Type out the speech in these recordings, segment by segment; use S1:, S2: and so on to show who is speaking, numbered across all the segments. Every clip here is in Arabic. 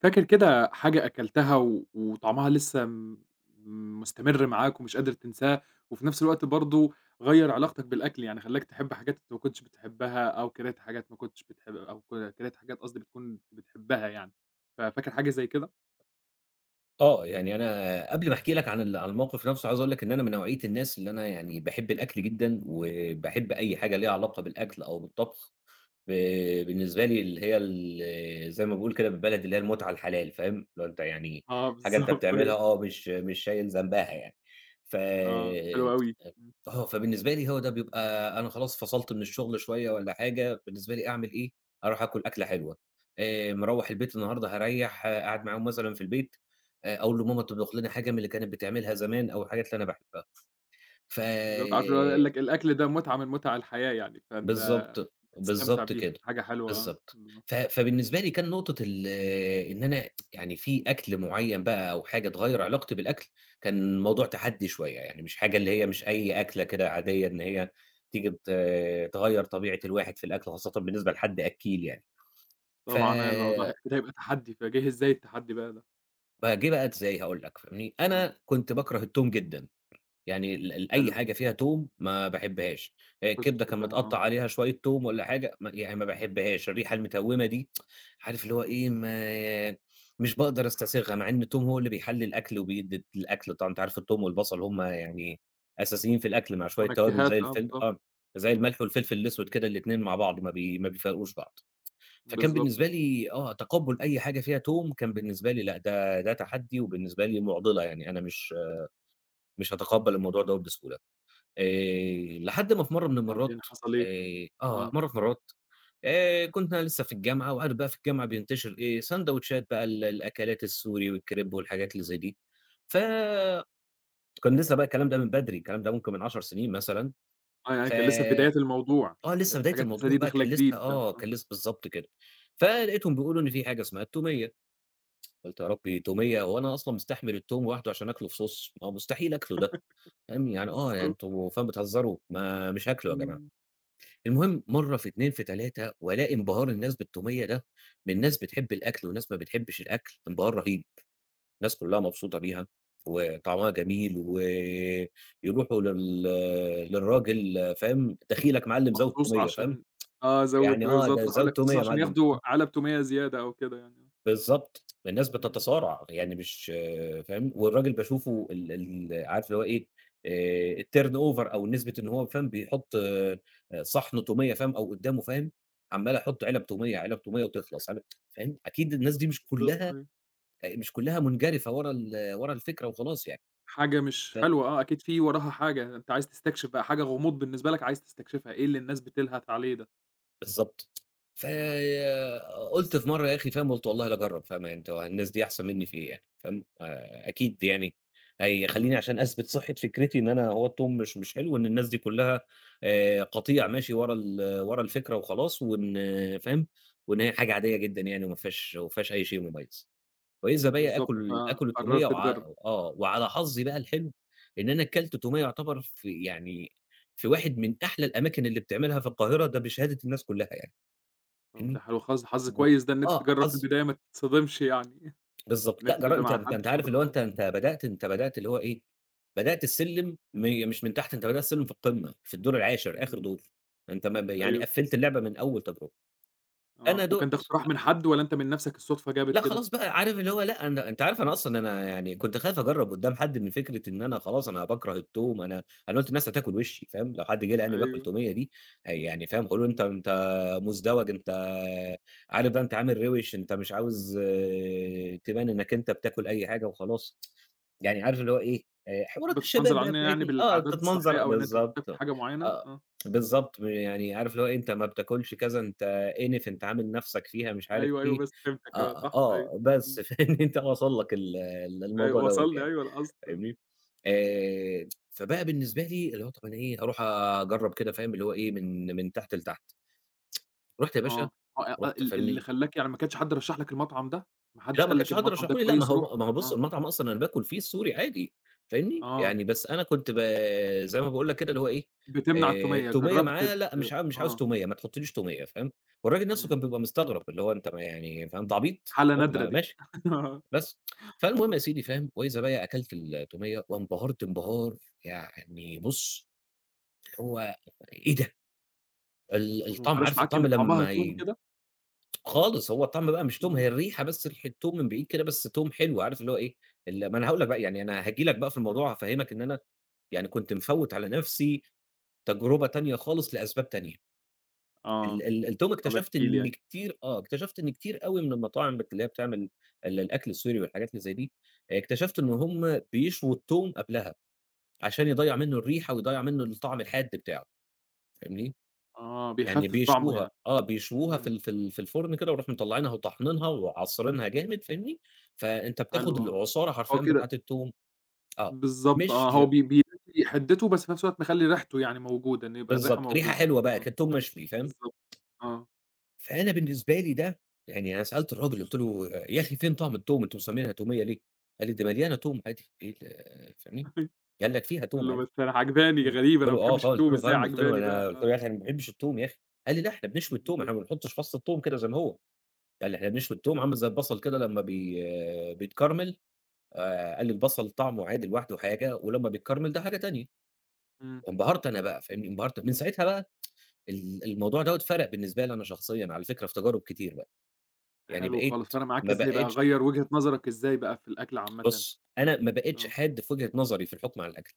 S1: فاكر كده حاجة أكلتها و وطعمها لسه م مُستمِر معاك ومش قادر تنساها وفي نفس الوقت برضه غيّر علاقتك بالأكل، يعني خلّاك تحب حاجات أنت ما كنتش بتحبّها أو كانت حاجات ما كنتش بتح أو ك كانت حاجات قصدي بتكُون بتحبّها يعني، ففاكر حاجة زي كده؟
S2: آه، يعني أنا قبل ما أحكي لك عن ال عن الموقِف نَفْسه عايز أقول لَك إن أنا من نوعية الناس اللي أنا يعني باحب الأكل جدًا، وباحب أي حاجة ليها علاقة بالأكل أو بالطبخ، ب بالنسبة لي اللي هي ال زي ما باقول كده بالبلدي اللي هي المُتعة الحلال، فاهم، اللي هو أنت يعني
S1: آه،
S2: حاجة أنت
S1: بالضبط،
S2: بتعملها،
S1: أيوه.
S2: آه مش مش شايل ذنبها يعني، ف
S1: آه، حلوة أوي، امم.
S2: آه، فبالنسبة لي هو ده بيبقى أنا خلاص فصَلت من الشغل شوية والّا حاجة بالنسبة لي أعمل إيه، أرُوح آكُل أكلة حلوة آآ، مروّح البيت النهارده هاريّح قاعد معاهم مثلًا في البيت، آآ اقول لماما تطبُخ لنا حاجة من اللي كانت بتعملها زمان أو الحاجات اللي أنا باحبّها ف
S1: بالضبط، عارف اللي هو يقول لك، الأكل ده مُتعة من مُتع الحياة يعني، فأنت
S2: بالضبط،
S1: بتستمتع
S2: بالضبط
S1: بيها
S2: كده،
S1: حاجة حلوة، آه،
S2: بالضبط. ف
S1: بالضبط.
S2: فبالنسبة لي كان نُقطة ال إن أنا يعني في أكْل معيّن بقى أو حاجة تغيّر علاقتي بالأكل كان موضوع تحدّي شوية، يعني مش حاجة اللي هي مش أي أكلة كده عادية إن هي تيجي ت تغيّر طبيعة الواحد في الأكل، خاصةً بالنسبة لحد أكّيل يعني ف
S1: طبعًا، آه الموضوع أكيد هيبقى تحدّي، فجِه إزاي التحدّي بقى ده؟
S2: فهاجيبها ت إزاي، هاقول لك، فاهمني؟
S1: آه.
S2: أنا كُنت بَاكره التوم جدًا، يعني ال ال أي
S1: حلو.
S2: حاجة فيها توم ما باحبهاش،
S1: ما كنتش
S2: الكبدة كان
S1: بتحبها آه.
S2: متقطع عليها شوية توم والّا حاجة، م يعني ما باحبهاش الريحة المتوّمة دي، عارف اللي هو إيه، ما مش باقدر أستسيغها، مع إن التوم هو اللي بيحلّي الأكل وبيدي الأكل، طبعًا أنت عارف التوم والبصل هُم يعني أساسيين في الأكل، مع شويّة توابل
S1: منكّهات
S2: زي
S1: آه
S2: الفِل
S1: بالضبط،
S2: آه، زي
S1: امم.
S2: الملح والفلفل الأسود كده، الاتنين مع بعض ما بي ما بيفارقوش بعض. فكان
S1: بالضبط
S2: بالنسبة
S1: آه.
S2: لي، آه، تقبُّل أي حاجة فيها توم كان بالنسبة لي لأ، ده ده تحدي، وبالنسبة لي مُعضِلة، يعني أنا مش مش هاتقبّل الموضوع دوّة بسهولة. آآ، لحد ما في مرّه من المرات،
S1: وبعدين حصل إيه؟
S2: آآ آه،
S1: آه.
S2: مرّه في مرات، آآ كُنت أنا لسه في الجامعة، وعارف بقى في الجامعة بينتشر إيه، ساندويتشات بقى ال الأكلات السوري والكريب والحاجات اللي زي دي، ف كان لسه بقى الكلام ده من بدري، الكلام ده ممكن من 10 سنين مثلًا،
S1: آه يعني
S2: ف
S1: كان لسه في بدايات الموضوع،
S2: آه، لسه
S1: كانت
S2: بداية
S1: الحاجات لسه
S2: الموضوع
S1: دي
S2: بقى،
S1: داخلة
S2: كان لسه
S1: جديدة بقى
S2: آه،
S1: آه.
S2: كان لسه بالضبط كده. فلقيتهم بيقولوا إن في حاجة اسمها التومية، قُلت يا ربي، توميّة! هو أنا أصلًا مستحمل التوم واحده عشان أكلة، في صوص! ما هو مستحيل أكله ده، فاهم يعني آه يعني
S1: بالضبط.
S2: أنتم فعلًا بتهزروا، ما مش هاكله يا جماعة.
S1: امم.
S2: المهم، مرّه في 2 في 3، وألاقي انبهار الناس بالتومية ده، من ناس بتحب الأكل وناس ما بتحبش الأكل، انبهار رهيب، الناس كلها مبسوطة بيها، وطعمها جميل، و يروحوا لل للراجل، فاهم، دخيلك معلّم زود
S1: مخصوص
S2: تومية، فاهم،
S1: عشان آه زوّد
S2: يعني آه،
S1: وبالضبط
S2: ده
S1: [unintelligible]
S2: زوّد
S1: مخصوص
S2: يا
S1: عشان
S2: مَعلّم،
S1: ياخدوا
S2: فاهم.
S1: علب تومية زيادة، أو كده يعني آه.
S2: بالضبط، الناس
S1: امم.
S2: بتتصارع يعني مش فاهم والراجل باشوفه ال ال عارف هو إيه، آآ الturn over أو نسبة إن هو فاهم بيحط آآ، صِحن تومية فاهم أو قدامه فاهم، عَمّال يحط علب تومية علب تومية وتخلص علب فاهم أكيد الناس دي مش
S1: بالضبط
S2: كلها،
S1: أيوَه.
S2: آآ مش كلها منجرفة ورا ال ورا الفكرة وخلاص يعني،
S1: حاجة مش
S2: ت
S1: حلوة آه أكيد في وراها حاجة، أنت عايز تستكشف بقى حاجة غموض بالنسبة لك، عايز تستكشفها إيه اللي الناس بتلهث عليه ده؟
S2: بالضبط،
S1: إمم.
S2: فقُلت في مرّة يا أخي فاهم، قُلت والله لأجرب فاهم أنت هو الناس دي أحسن منّي في إيه يعني، فاهم آآ، أكيد يعني هيخلّيني علشان أثبت صحة فكرتي إن أنا هو التوم مش مش حلو، إن الناس دي كلّها آآ، قطيع ماشي ورا ال ورا الفكرة وخلاص وإن فاهم، وإن هي حاجة عادية جدًا يعني وما فيهاش ما فيهاش أي شيء مميّز، وإذا بيَّ
S1: بالضبط
S2: آكل آكل التومية
S1: فقررت
S2: وع
S1: تجرب.
S2: آه وعلى حظي بقى الحلو، إن أنا كلت تومية يُعتبر في يعني في واحد من أحلى الأماكن اللي بتعملها في القاهرة ده بشهادة الناس كلّها يعني
S1: طَب
S2: فاهمني،
S1: ده حلو خالص، ده حظ
S2: و
S1: كويس ده إن أنت
S2: آه
S1: تجرب في
S2: حظ
S1: البداية ما تتصدمش يعني.
S2: بالضبط
S1: إن
S2: لأ
S1: أنت
S2: جر
S1: تبدأ
S2: أنت
S1: مع حد
S2: أنت عارف
S1: خِبرة
S2: اللي هو
S1: آه.
S2: أنت أنت بدأت أنت بدأت اللي هو إيه، بدأت السلّم م مش من تحت أنت بدأت السلّم في القمّة، في الدور العاشر آخر
S1: إمم.
S2: دور، أنت ما ب يعني
S1: أيوه.
S2: قفّلت اللعبة من أول تجربة، أنا
S1: آه،
S2: دُقت
S1: وكان ده اقتراح
S2: أ
S1: من حَد والّا أنت من نفسك الصدفة جابت
S2: لأ
S1: كده؟
S2: خلاص بقى عارف اللي هو لأ أن
S1: إمم.
S2: أنت عارف أنا أصلًا أنا يعني كنت خايف أجرّب قدام حد من فكرة إن أنا خلاص أنا باكره التوم، أنا أنا قُلت الناس هتاكل وشّي، فاهم، لو حد جه لقاني باكل
S1: أيوه.
S2: تومية دي، يعني فاهم هيقولوا أنت أنت مزدوج أنت عارف ده أنت عامل روش، أنت مش عاوز تبان إنَّك أنت بتاكل أي حاجة وخلاص، يعني عارف اللي هو إيه حوارات الشباب
S1: بتنمنظر
S2: بقى
S1: علينا يعني
S2: بتاعنا، آه
S1: بالعادات
S2: بتتمنظر
S1: الصحية أو إن أنت مش
S2: بالضبط،
S1: بتاكل حاجة معيّنة،
S2: آه،
S1: آه.
S2: بالضبط يعني عارف اللي هو
S1: [unintelligible]
S2: أنت ما بتاكلش كذا أنت إنف، أنت عامل نفسَك فيها مش عارف
S1: أيوه أيوه
S2: إيه،
S1: بس فهمتك
S2: آه،
S1: صح، أيوه،
S2: آه بس
S1: إمم.
S2: فاهم أنت وصل لك ال
S1: أيوه
S2: الموضوع دوّة
S1: وصلني
S2: يعني،
S1: أيوه القصد، آه.
S2: فاهمني آآ، فبقى بالنسبة لي اللي هو طَب انا إيه أروح أجرّب كده فاهم اللي هو إيه من من تحت لتحت رُحت يا باشا
S1: آه، أ أ
S2: رُحت
S1: ال اللي
S2: فاهمني
S1: خلّاك يعني ما كانش حد رشح لك المطعم ده؟ ما
S2: لأ
S1: حدش
S2: ما
S1: قال لك
S2: كانش حد
S1: المطعم ده
S2: رشحه لي لأ ما
S1: كويس روح،
S2: هو ما هو بُص
S1: آه.
S2: المطعم أصلًا أنا باكل فيه السوري عادي، فاهمني،
S1: آه.
S2: يعني بس أنا كنت ب زي ما باقول لك كده اللي هو إيه
S1: بتمنع
S2: آآ،
S1: التومية
S2: التومية
S1: جربت
S2: معاه
S1: ت
S2: لأ مش ع مش عاوز
S1: آه.
S2: تومية ما تحطليش تومية فاهم، والراجل نفسْه
S1: إمم.
S2: كان بيبقى مستغرب اللي هو أنت م يعني فاهم أنت عبيط!
S1: حالة نادرة
S2: م
S1: دي
S2: ماشي
S1: آه.
S2: بس. فالمهم يا
S1: آه.
S2: سيدي فاهم وإذا بيَّ أكلت التومية وانبهرت انبهار يعني بُص، هو إيه ده! ال
S1: طَب وما
S2: الطعم
S1: فرقش
S2: عارف
S1: معاك
S2: الطعم
S1: إن طعمها
S2: لمّا
S1: توم
S2: ي
S1: كده؟
S2: خالص هو الطعم بقى مش توم
S1: آه.
S2: هي الريحة بس ريحة توم من بعيد كده بس توم حلو عارف اللي هو إيه ال ما أنا هاقول لك بقى يعني أنا هاجي لك بقى في
S1: آه.
S2: الموضوع هافهّمك إن أنا يعني كنت مفوّت على نفسْي تجربة تانية خالص لأسباب تانية. ال
S1: آه،
S2: ال التوم
S1: طَب احكِ
S2: اكتشفت
S1: لي
S2: إن
S1: أيوه.
S2: كتير آه اكتشفت إن كتير أوي من المطاعم بت اللي هي بتعمل ال الأكل السوري والحاجات اللي زي دي، اكتشفت إن هُم بيشووا التوم قبلها، عشان يضيّع منّه الريحة ويضيّع منّه الطعم الحاد بتاعه، فاهمني،
S1: آه،
S2: يعني
S1: بيخفف طعمه
S2: بيشووها،
S1: يعني،
S2: آه، بيشووها في
S1: إمم.
S2: ال في ال في الفرن كده ويروحوا مطلعينها وطاحنينها وعاصرينها جامد فاهمني، فأنت بتاخد
S1: حلو آه،
S2: العصارة
S1: هو
S2: حرفيًا
S1: كده
S2: بتاعة التوم، آه،
S1: بالضبط
S2: مش
S1: آه هو بي بي [unintelligible] حدته بس في نفس الوقت مخلّي ريحته يعني موجودة إنّه يبقى الريحة
S2: بالضبط ريحة
S1: موجودة،
S2: حلوة بقى
S1: إمم،
S2: كده توم مشوي فاهم،
S1: بالضبط، آه.
S2: فأنا بالنسبة لي ده، يعني أنا سألت الراجل قُلت له: "يا أخي فين طعم توم أنتم مسمينها تومية ليه"، قال لي: "ده مليانة توم عادي إيه ال"، فاهمني،
S1: أيوه
S2: قال لك: "فيها
S1: قُل
S2: توم
S1: له
S2: عادي".
S1: بس أنا عاجباني، دي
S2: امم،
S1: غريبة أنا
S2: قُلت له:
S1: ما
S2: "آه
S1: باحبش
S2: خالص" قُلت
S1: التوم
S2: له
S1: إزاي
S2: فاهم، قُلت له:
S1: عاجباني
S2: "أنا"
S1: بقى
S2: قُلت
S1: آه.
S2: له: "يا أخي أنا ما باحبش التوم يا أخي"، قال لي: "لأ إحنا بنشوي
S1: إمم،
S2: التوم، إحنا
S1: بالضبط.
S2: ما بنحطش فص التوم كده زي ما هو"، قال لي: "إحنا بنشوي التوم عامل زي البصل كده لمّا بي بيتكرمل"، آآ، قال لي: "البصل طعمه عادي لوحده حاجة ولمّا بيتكرمل ده حاجة تانية"،
S1: إمم.
S2: انبهرت أنا بقى، فاهمني، انبهرت من ساعتها بقى ال الموضوع ده فرق بالنسبة لي أنا شخصيًا على فكرة في تجارب كتير بقى، يعني
S1: حلو
S2: بقيت
S1: خالص، فرق معاك
S2: ما
S1: إزاي بقى،
S2: بقيتش
S1: غيّر وجهة نظرَك إزاي بقى في الأكل عامةً؟
S2: بُص أنا ما بقيتش
S1: آه.
S2: حاد في وجهة نظري في الحُكم على الأكل،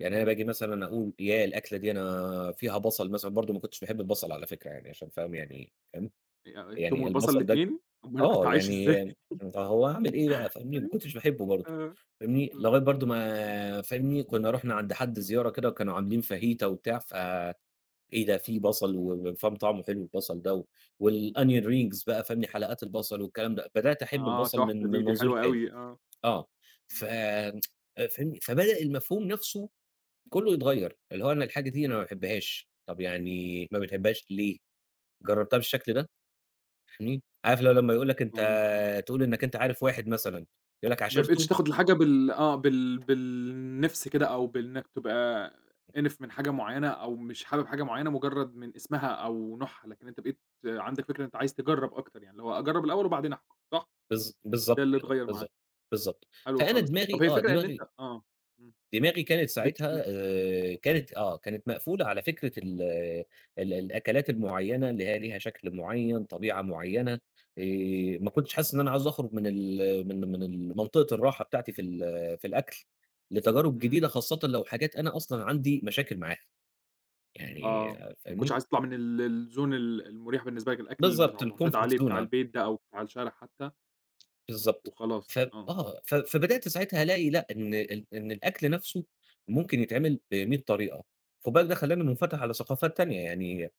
S2: يعني أنا
S1: إمم.
S2: باجي مثلًا أقول ياه الأكلة دي أنا فيها بصل مثلًا، برضه ما كنتش باحب البصل على فكرة يعني عشان فاهم يعني فاهم،
S1: ي التوم
S2: يعني
S1: والبصل
S2: البصل ده
S1: الاتنين! أومال كنت
S2: آه
S1: عايش إزاي.
S2: يعني فهو هاعمل إيه بقى فاهمني، ما
S1: أيوه.
S2: كنتش باحبه برضه
S1: آه.
S2: فاهمني، لغاية برضه
S1: [unintelligible]
S2: ما فاهمني، كنّا رُحنا عند حد زيارة كده وكانوا عاملين فاهيتا وبتاع ف إيه ده في بصل و وفاهم طعمه حلو البصل ده و والonion rings بقى فاهمني، حلقات البصل والكلام ده، بدأت أحب
S1: آه
S2: البصل
S1: تحفة
S2: من من
S1: دي، دي
S2: منظور
S1: حلوة
S2: تاني،
S1: أوي آه،
S2: آه ف
S1: بالضبط.
S2: آآ، فاهمني، فبدأ المفهوم نفسْه كلّه يتغيّر، اللي هو أنا الحاجة دي أنا ما
S1: إمم.
S2: باحبهاش، طَب يعني ما بتحبهاش ليه؟ جربتها بالشكل ده؟ فاهمني، عارف اللي هو لمّا يقول لك أنت
S1: [unintelligible]
S2: تقول إنك أنت عارف واحد مثلًا يقول لك
S1: ما بقيتش
S2: عاشرته؟
S1: تاخد الحاجة بال آه بال بالنِفْس كده أو بإنك تبقى إنِف من حاجة معيّنة أو مش حابب حاجة معيّنة مجرد من اسمها أو نوعها، لكن أنت بقيت عندك فكرة أنت عايز تجرّب أكتر يعني لو هو أجرب الأول وبعدين أحكم صح؟
S2: بالض
S1: ده
S2: بالضبط
S1: اللي
S2: كده،
S1: اتغيّر معاك.
S2: بالضبط، بالضبط،
S1: حلو
S2: فأنا
S1: خالص طَب
S2: دماغي
S1: هي
S2: آه
S1: الفكرة إن أنت
S2: دماغي
S1: آه إمم
S2: دماغي كانت ساعتها
S1: [unintelligible]
S2: آآ كانت آه كانت مقفولة على فكرة ال ال الأكلات المعيّنة اللي هي ليها شكل معيّن، طبيعة معيّنة، آآ، ما كنتش حاسس إن أنا عايز أخرج من ال من من ال منطقة الراحة بتاعتي في ال في الأكل، لتجارب جديدة
S1: إمم.
S2: خاصةً لو حاجات أنا أصلًا عندي مشاكل معاها يعني
S1: آه، ما كنتش
S2: فاهمني.
S1: عايز تطلع من ال الzone ال المريح بالنسبة لك الأكل المُ
S2: بالضبط
S1: المُعتاد
S2: الcomfort
S1: عليه
S2: zone
S1: بتاع
S2: آه.
S1: البيت ده أو بتاع الشارع حتّى؟
S2: بالضبط ف
S1: وخلاص آه.
S2: آه ف فبدأت ساعتها ألاقي لأ إن ال إن الأكل نَفْسه ممكن يتعمل بمِيّة طريقة خد بالك ده خلّاني مُنفتح على ثقافات تانية يعني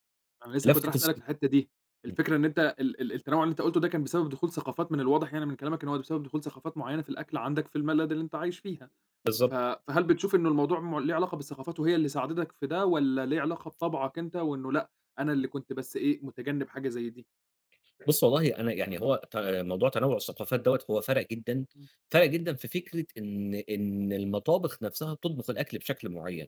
S1: أنا لسه كنت رايح
S2: لفتة الص
S1: أسألك في الحتّة دي،
S2: إمم.
S1: الفكرة إن أنت ال ال التنوع اللي أنت قُلته ده كان بسبب دخول ثقافات، من الواضح يعني من كلامك إن هو بسبب دخول ثقافات معينة في الأكل عندك، في البلد اللي أنت عايش فيها، ف
S2: بالضبط.
S1: فهل بتشوف إنه الموضوع م ليه علاقة بالثقافات، وهي اللي ساعدتك في ده، والّا ليه علاقة بطبعك أنت، وإنه لأ، أنا اللي كنت بس إيه متجنب حاجة زَي دي؟
S2: بُص، والله أنا يعني هو ت
S1: إمم.
S2: موضوع تنوُع الثقافات دوّة، هو فرَق جدًا،
S1: إمم.
S2: فرَق جدًا في فكرة إن إن المطابخ نَفْسها بتطبخ الأكل بشكل معين.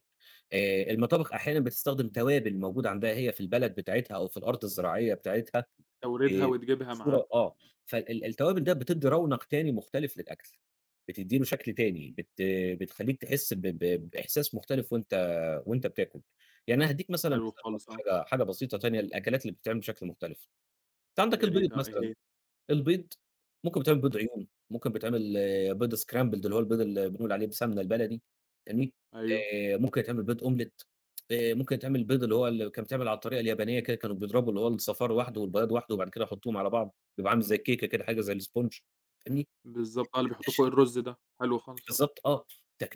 S2: آآ المطابخ أحيانًا بتستخدم توابل موجودة عندها هي في البلد بتاعتها، أو في الأرض الزراعية بتاعتها
S1: توريدها
S2: ب
S1: وتجيبها معاها.
S2: بصورة آه، فال التوابل ده بتدّي رونق تاني مختلف للأكل، بتدّي له شكْل تاني، بت بتخلّيك تحس ب ب بإحساس مختلف وأنت وأنت بتاكل. يعني أنا هادّيك مثلًا
S1: حلو
S2: [unintelligible]
S1: خالص آه.
S2: حاجة حاجة بسيطة تانية للأكلات اللي بتتعمل بشكل مختلف. أنت عندك
S1: يا
S2: البيض
S1: ريت آه. إيه
S2: مثلًا،
S1: هي؟
S2: البيض ممكن بيتعمل بيض
S1: إمم.
S2: عيون، ممكن بتعمل آآ بيض scrambled، اللي هو البيض اللي بنقول عليه بالسمنة البلدي، فاهمني،
S1: أيوه.
S2: آآ ممكن يتعمل بيض أومليت آآ ممكن يتعمل البيض اللي هو كان ببتعمل على الطريقة اليابانية كده، كانوا بيضرَبوا اللي هو الصفار وحده والبياض وحده، وبعد كده يحطوهم على بعض، بيبقى عامل زَي الكيكة كده، حاجة زي السبونج، فاهمني؟
S1: بالضبط آه اللي بيحطوه
S2: تكتش
S1: فوق الرز ده، حلو خالص آه.
S2: بالضبط آه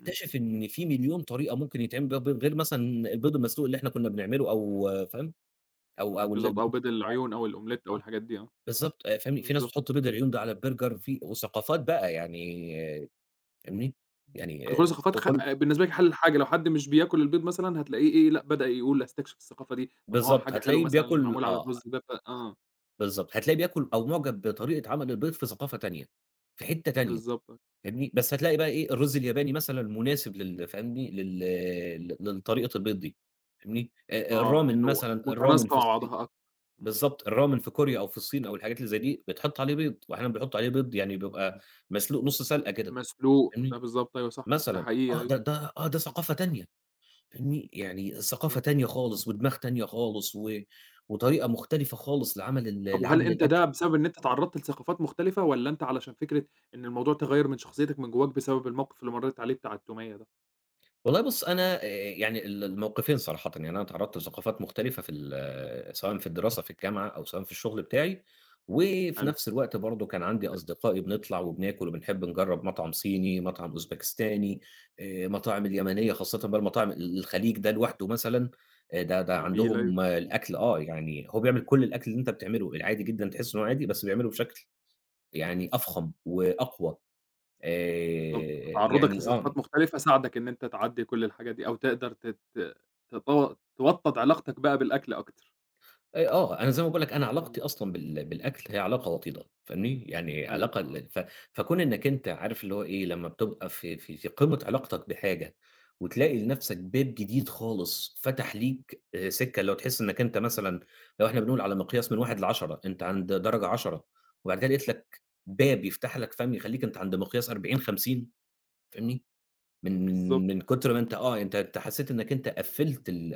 S1: إمم.
S2: إن في مليون طريقة ممكن يتعمل بيها البيض غير مثلًا البيض المسلوق اللي إحنا كنا بنعمله أو فاهم؟ أو أو ال
S1: بالضبط آه وبيض العيون، أو الأومليت
S2: [unintelligible]
S1: أو
S2: آه
S1: الحاجات دي آه.
S2: بالضبط آآ فاهمني، في ناس
S1: بالضبط.
S2: بتحط بيض العيون ده على الburger في وثقافات بقى يعني فاهمني؟ يعني
S1: فدخول
S2: آآ
S1: الثقافات خ
S2: [unintelligible]
S1: بالنسبة لك حلّ الحاجة، لو حد مش بياكل البيض مثلًا هتلاقيه إيه لأ بدأ يقول أستكشف الثقافة دي، طَب ما هو
S2: بالضبط
S1: حاجة حلوة
S2: هتلاقيه
S1: مثلًا اللي
S2: بياكل
S1: معمول على
S2: آه.
S1: الرز ده ف آه.
S2: بالضبط هتلاقيه بياكل أو
S1: إمم.
S2: معجب بطريقة عمل البيض في ثقافة تانية في حتّة تانية
S1: بالضبط.
S2: فاهمني، بس هتلاقي بقى إيه الرز الياباني مثلًا مناسب لل فاهمني لل للطريقة البيض دي فاهمني،
S1: آه
S2: الRamyeon
S1: إنه
S2: مثلًا الRamyeon
S1: متناسقة
S2: في
S1: مع
S2: الصين
S1: بعضها أكتَر إمم.
S2: بالضبط الRamyeon في كوريا أو في الصين أو الحاجات اللي زَي دي بيتحط عليه بيض وأحيانًا بيحطوا عليه بيض يعني بيبقى مسلوق نُص سلقة كده
S1: مسلوق ده
S2: فاهمني،
S1: بالضبط أيوه صح ده
S2: مثلًا
S1: حقيقة
S2: آه
S1: أيوه
S2: ده، ده آه ده
S1: إمم.
S2: ثقافة تانية فاهمني، يعني ثقافة
S1: بالضبط.
S2: تانية خالص ودماغ تانية خالص و وطريقة مختلفة خالص لعمل ال
S1: طَب وهل
S2: لعمل
S1: أنت
S2: الأكل.
S1: ده بسبب إن أنت اتعرّضت لثقافات مختلفة، والّا أنت علشان فكرة إن الموضوع تغيّر من شخصيتك من جواك بسبب الموقِف اللي مرّيت عليه بتاع التومية ده؟
S2: والله بُص أنا آآ، يعني ال
S1: إمم.
S2: المَوْقِفين صراحةً يعني، أنا اتعرضت لثقافات
S1: إمم.
S2: مختلفة في ال سواءً في الدراسة، في الجامعة، أو سواءً في الشغل بتاعي، وفي
S1: حلو.
S2: نفس الوقت برضه كان عندي أصدقائي بنطلع، وبناكُل، وبنحب نجرب مطعم صيني، مطعم أوزباكستاني، آآ مطاعم اليمنية، خاصةً بقى المطاعم ال الخليج ده لوحده مثلًا آآ، ده ده
S1: جميل، أيوه.
S2: عندهم الأكل آه، يعني هو بيعمل كل الأكل اللي أنت بتعمله، العادي جدًا، تحس إنه هو عادي بس بيعمله بشكل يعني أفخم وأقوى،
S1: بالضبط،
S2: آآ،
S1: تعرُّضك
S2: يعني آه.
S1: لثقافات مختلفة ساعدك إن أنت تعدّي كل الحاجة دي، أو تقدر تت تط توطَّد علاقتك بقى بالأكل أكتر.
S2: آآ، آه، أنا زي ما باقول لك أنا
S1: إمم.
S2: علاقتي أصلًا بال بالأكل هي علاقة وطيدة فاهمني، يعني
S1: حلو،
S2: علاقة
S1: آه.
S2: ال ف فكون إنك أنت عارف اللي هو إيه، لمّا بتبقى في في في قمّة علاقتك بحاجة وتلاقي لنفسك باب جديد خالص فتح ليك آآ، سكة، اللي هو تحس إنك أنت مثلًا لو إحنا بنقول على مقياس من 1 ل10 أنت عند درجة 10، وبعد كده لقيت لك باب يفتح لك، فاهم، يخلّيك أنت عند مقياس 40، 50 فاهمني، من
S1: بالضبط.
S2: من من كُتر ما أنت آه، أنت أنت حسيت إنك أنت قفّلت ال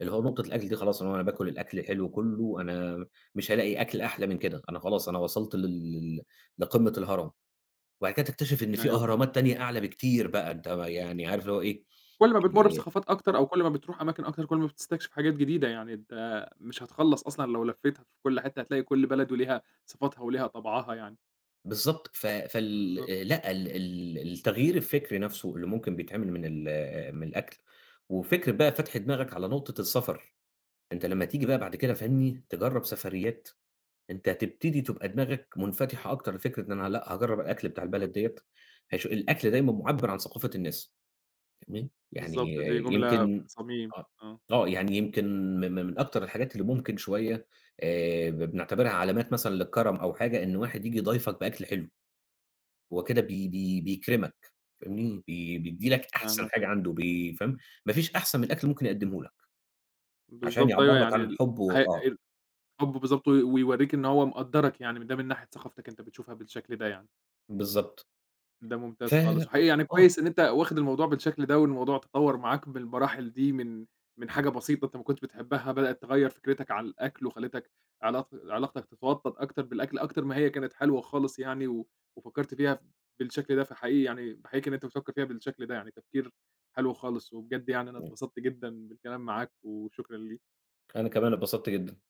S2: اللي هو نقطة الأكل دي خلاص، اللي هو أنا باكل الأكل حلو كله، أنا مش هالاقي أكل أحلى من كده، أنا خلاص أنا وصلت لل ل لقمّة الهرم، وبعد كده تكتشف إن في
S1: أيوه
S2: أهرامات
S1: فاهمك.
S2: تانية أعلى بكتير بقى، أنت يعني عارف اللي هو إيه
S1: كل ما بتمرّ
S2: آآ
S1: بثقافات أكتر أو كل ما بتروح أماكن أكتر كل ما بتستكشف حاجات جديدة يعني، أنت مش هتخلّص أصلًا لو لفيتها في كل حتّة هتلاقي كل بلد وليها صفاتها وليها طَبْعَها يعني.
S2: بالضبط ف فال
S1: بالضبط،
S2: آآ
S1: آه.
S2: لأ، ال ال التغيير الفكري نَفْسه اللي ممكن بيتعمل من ال آآ، من الأكل وفكرة بقى فتْح دماغك على نقطة السفر، أنت لمّا تيجي بقى
S1: إمم.
S2: بعد كده فاهمني، تجرّب سفريات، أنت تبتدي تبقى دماغك منفتحة أكتر لفكرة إن أنا لأ، هاجرّب الأكل بتاع البلد دِيّة، هش الأكل دايمًا مُعبّر عن ثقافة الناس تمام، يعني
S1: بالضبط دي جملة في
S2: يمكن
S1: الصميم
S2: آه،
S1: آه.
S2: آه، يعني يمكن م م من أكتر الحاجات اللي ممكن شوية آآ، ب بنعتبرها علامات مثلًا للكرم أو حاجة، إن واحد ييجي يضايفك بأكل حلو، هو كده بي بي
S1: إمم.
S2: بيكرمك فاهمني، بي بيدّي لك أحسن
S1: فاهمك
S2: حاجة
S1: أي
S2: عنده بي فاهم، مافيش أحسن من الأكل ممكن يقدمه لك، عشان
S1: بالضبط أيوه
S2: يعبر لك
S1: يعني
S2: عن
S1: ال
S2: الحب و
S1: ه
S2: آه.
S1: ال الحب بالضبط وي ويورّيك إن هو مقدّرك يعني من ده من ناحية ثقافتك أنت بتشوفها بالشكل ده يعني.
S2: بالضبط
S1: ده
S2: ف
S1: ممتاز خالص، وحقيقي
S2: آه،
S1: يعني
S2: آه
S1: كويس إن أنت واخد الموضوع بالشكل ده والموضوع تطوَّر معاك بالمراحل دي من من حاجة بسيطة أنت ما كنتش بتحبها بدئت تغيّر فكرتك عن الأكل وخلّتك علاق علاقتك تتوطّد أكتر بالأكل أكتر ما هي كانت حلوة خالص يعني، و وفكّرت فيها ف بالشكل ده، فحقيقي يعني باحييك إن أنت بتفكّر فيها بالشكل ده، يعني تفكير حلو خالص وبجد يعني أنا
S2: إمم.
S1: اتبسطت جدًا بالكلام معاك وشكرًا ليك.
S2: أنا كمان اتبسطت جدًا.